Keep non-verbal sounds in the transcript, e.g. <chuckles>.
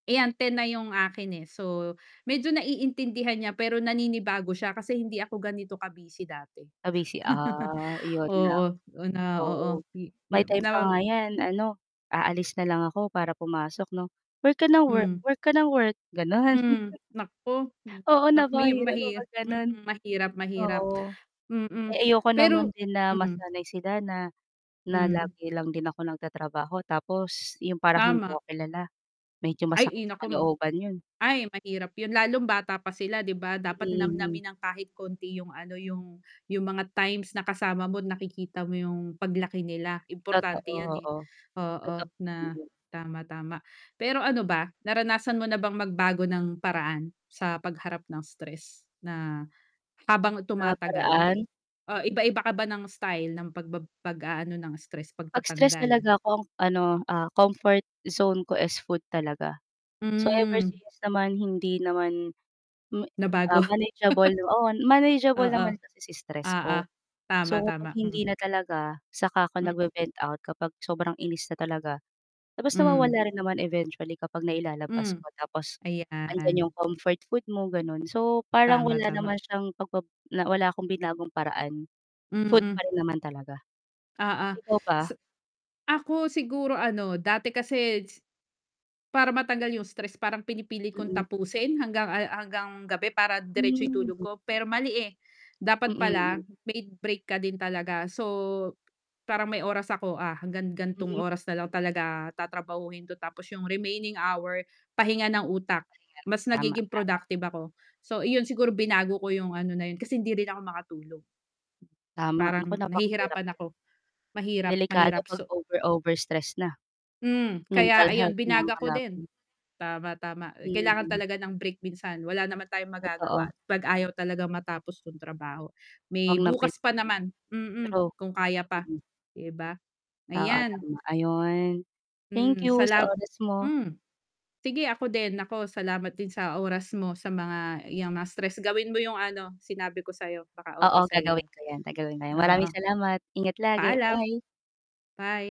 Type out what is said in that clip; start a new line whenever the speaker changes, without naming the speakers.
Eh, yan, 10 na yung akin eh. So, medyo naiintindihan niya, pero naninibago siya, kasi hindi ako ganito ka-busy dati.
Ah, busy, ah,
<chuckles>
iyon lang.
Oo, o na oo,
Oo,
hi
may
na
time pa
nag
nga yan ano, aalis na lang ako, para pumasok, 'no, "Work ka nang work,
Hmm.
work ka ng work", gano'n.
Hmm, naku, hmm,
Oo,
nak may
napakahirap
mahi
kapag gano'n.
mm, mahirap, mahirap.
Oo.
Mm,
Eh, ayoko
pero
naman din na
mm.
masanay sila na, na
Hmm.
lagi lang din ako nagtatrabaho, tapos yung parang, hindi
Tama.
ako kilala, medyo masakit
Ay,
sa
ina ko.
kalooban 'yon.
Ay, mahirap 'yon, lalo bata pa sila, 'di ba? Dapat,
Mm, hmm.
namnamin nang kahit konti, yung ano, yung, yung mga times, na kasama mo, nakikita mo, yung paglaki nila, importante
Totoo,
yan, eh,
oo.
oo,
Totoo naman
na
'yon.
tama, tama. Pero ano ba, naranasan mo na bang magbago ng paraan, sa pagharap ng stress? Na, habang
Sa,
tumatagal,
paraan?
ah, iba-iba ka ba ng style, ng pagbab pag-aano ng stress,
'Pag stress
pagtatanggal?
talaga ako, ang ano, ah, comfort zone ko, is food talaga. So, ever
Hmm.
since naman, hindi naman, me
Nabago.
um, manageable,
<chuckles>
oo, manageable
Oo,
naman kasi si stress
oo.
ko.
Tama,
So,
tama,
kung
mm.
hindi na talaga, saka ako
Mm.
nag-ve-vent out, kapag sobrang inis na talaga, tapos
Hmm.
nawawala rin naman eventually, kapag nailalabas
Hmm.
ko, tapos, andiyan yung
Ayan.
comfort food mo, gano'n. So, parang
Tama,
wala
tama.
naman siyang, pagbab na, wala akong binagong paraan, food
Mm.
pa rin naman talaga,
Oo,
ikaw ba?
sa ako, siguro ano, dati kasi si para matanggal yung stress, parang pinipilit kong
Mm.
tapusin, hanggang al hanggang gabi, para diretso yung tulog
Hmm.
ko. Pero mali, eh,
Mm,
dapat
mm.
pala, may break ka din talaga. So, "Parang, may oras ako, ah, hanggang gan'tong
Mhm.
oras na lang talaga tatrabahuhin 'to", tapos yung remaining hour, pahinga ng utak,
Ayan,
mas
tama,
nagiging
tama.
productive ako. So, iyon siguro binago ko yung ano na 'yon, kasi hindi rin ako makatulog.
Tama. Naku,
Parang
napakahirap
nahihirapan
'yon,
ako, mahirap,
delikado
mahirap.
'pag
So
over-over stress na,
Hmm, kaya
mental
ayun,
health na ang
binago ko din.
kalaban.
Tama, tama, eh, kailangan
Mm.
talaga ng break minsan, wala naman tayong magagawa,
Totoo.
'pag ayaw talagang matapos yung trabaho. May
Huwag nang
bukas
pilitin.
pa naman, mm,
True,
kung kaya pa,
mm.
'di ba?
Oo,
Ayan.
tama. Ayun, thank
Hmm,
you, sa
salam
oras mo.
hmm, sige ako din, naku, salamat din sa oras mo, sa mga yang mga stress, gawin mo yung ano, sinabi ko sa'yo, baka
Oo,
okay sa'yo
gagawin
yan.
ko yan, gagawin ngayon, maraming
Oo.
salamat, ingat lagi,
Paalam.
bye.
Bye.